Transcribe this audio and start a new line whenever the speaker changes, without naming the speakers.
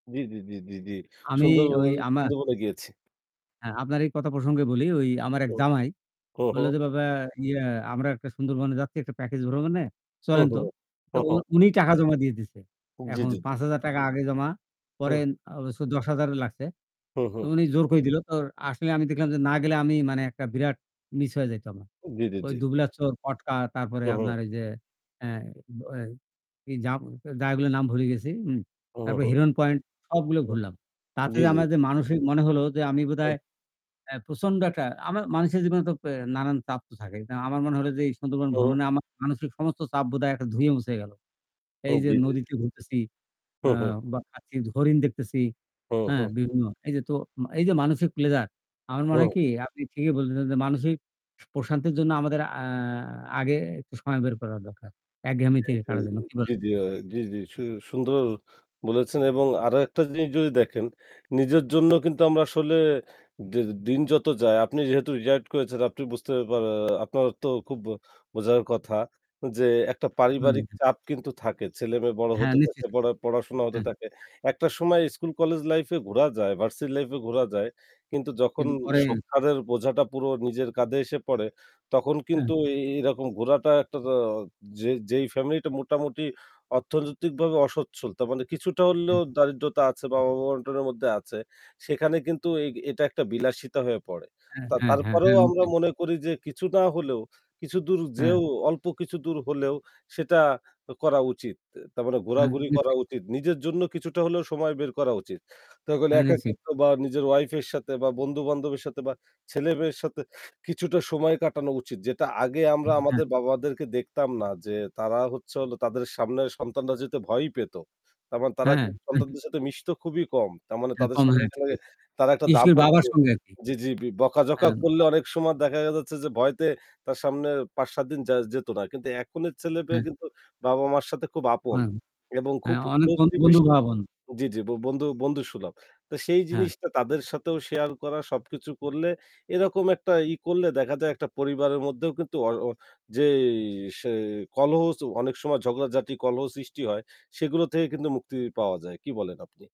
জী, জী, জী, জী, জী।
আমি
সুন্দরব
ওই আমার
সুন্দরবনে গিয়েছি।
হ্যাঁ, আপনার এই কথা প্রসঙ্গে বলি, ওই আমার এক
হু।
জামাই,
হু,
ও বলল
হু।
যে, "বাবা, ইয়ে আমরা একটা সুন্দরবনে যাচ্ছি, একটা প্যাকেজে ভ্রমনে
হু,
চলেন
হু,
তো।" তো
হু,
উ
হু।
উনি টাকা জমা দিয়ে দিছে।
জী,
এখন
জী, জী।
৳৫,০০০ আগে জমা, পরে
হুম।
অবশ্য ১০,০০০ লাগসে।
হু,
তো
হু।
উনি জোর করেই দিল। তো আসলে আমি দেখলাম যে না গেলে আমি, মানে, একটা বিরাট মিস হয়ে যাইত আমার।
জী, জী,
ওই
জী।
দুবলার চর, কটকা, তারপর
হু, হু।
আপনার ওই যে হ্যাঁ, ব এই এই জা জায়গাগুলোর নাম ভুলে গেছি। উম
হু,
তারপর
হু।
হিরণ পয়েন্ট, সবগুলো
হুম।
ঘুরলাম। তাতে
জী,
যে
জী।
আমার যে মানসিক, মনে হল যে আমি
হুম।
বোধহয় এ প্রচণ্ড একটা আমা মানুষের জীবনে তো এ নানান চাপ তো থাকে। আমার মনে হল যে এই সুন্দরবন
হুম।
ভ্রমণ আমার মানসিক সমস্ত চাপ বোধহয় একটা ধুয়ে মুছে গেল। এই
হুম।
যে
জি, জি, জি।
নদীতে ঘুরতেছি,
হু,
আ
হু।
বাঘ দেখছি, হরিণ দেখতেছি।
হু
হ্যাঁ,
হু।
বিভিন্ন এই যে তো এই যে মানসিক প্লেজার, আমার মনে
হুম।
হয় কী, আপনি ঠিকই বলছেন যে মানসিক স প্রশান্তির জন্য আমাদের আ আগে একটু সময় বের করা দরকার। একঘেয়েমি
জী,
থেকে
জী।
কারা যেন কী বলে?
জী, জী। আ জি, জি। স সুন্দর বলেছেন। এবং আরও একটা জিনিস যদি দেখেন, নিজের জন্য কিন্তু আমরা আসলে দি দিন যত যায়, আপনি যেহেতু রিটায়ার্ড করেছেন, আপনি বুঝতে পারেন, আপনার তো খুব বোঝার কথা যে একটা
হুম,
পারিবারিক
হুম।
চাপ কিন্তু থাকে। ছেলেমেয়ে বড়
হ্যাঁ,
হতে
নিশ্চয়
থাকে,
যাব।
পড়া পড়াশোনা হতে
হ্যাঁ।
থাকে। একটা সময় স্কুল-কলেজ লাইফে ঘোরা যায়, ভার্সিটি লাইফে ঘোরা যায়। কিন্তু যখন
কিন্তু পরে
সংসারের বোঝাটা পুরো নিজের কাঁধে এসে পড়ে, তখন
হুম।
কিন্তু এ এরকম ঘোরাটা একটা, যে যে ফ্যামিলিটা মোটামুটি অর্থনৈতিকভাবে অসচ্ছল, তার মানে কিছুটা হলেও
হুম।
দারিদ্র্যতা আছে বা
হ্যাঁ।
অভাব-অনটনের মধ্যে আছে, সেখানে কিন্তু এই এটা একটা বিলাসিতা হয়ে পড়ে।
হ্যাঁ, হ্যাঁ, হ্যাঁ,
তারপরেও
হ্যাঁ।
আমরা
নিশ্চই।
মনে করি যে কিছু না হলেও কিছু দূর যেয়েও
হু।
অল্প কিছু দূর হলেও সেটা করা উচিত। তার মানে
হ্যাঁ,
ঘোরাঘুরি করা
গিয়েছে।
উচিত। নিজের জন্য কিছুটা হলেও সময় বের করা উচিত। তাহলে
আচ্ছা।
একাকিত্ব বা নিজের ওয়াইফের সাথে, বা বন্ধুবান্ধবের সাথে, বা ছেলেমেয়ের সাথে কিছুটা সময় কাটানো উচিত, যেটা আগে আমরা
জি, হ্যাঁ।
আমাদের বাবাদেরকে দেখতাম না যে তারা হচ্ছে হলো তাদের সামনে সন্তানরা যেহেতু ভয়ই পেত, তার মানে তারা
হ্যাঁ, হ্যাঁ।
কিন্তু
[unintelligible]
সন্তানদের সাথে মিশত খুবই কম। তার মানে
হ্যাঁ,
তাদের সামনে
[unintelligible] ঠিক আছে।
তারা একটা
বিশেষ করে
ধমক,
বাবার সঙ্গে আরকি।
বকাঝকা
হ্যাঁ।
করলে অনেক সময় দেখা যাচ্ছে যে ভয়ে তার সামনে ৫-৭ দিন যে যেত না। কিন্তু এখনের ছেলেমেয়ে
হ্যাঁ।
কিন্তু বাবা-মায়ের সাথে খুব আপন
অনেক
এবং খুব
হ্যাঁ, অনেক ব
ক্লোজলি
বন্ধু
মিশে।
ভাব হন।
জি, জি। বন্ধু বন্ধুসুলভ। তো সেই
হ্যাঁ।
জিনিসটা তাদের সাথেও শেয়ার করা, সবকিছু করলে এরকম একটা ই করলে দেখা যায় একটা পরিবারের মধ্যেও কিন্তু অ যে স কলহ, অনেক সময় ঝগড়াঝাটি, কলহ সৃষ্টি হয়, সেগুলো থেকে কিন্তু মুক্তি পাওয়া যায়। কী বলেন আপনি?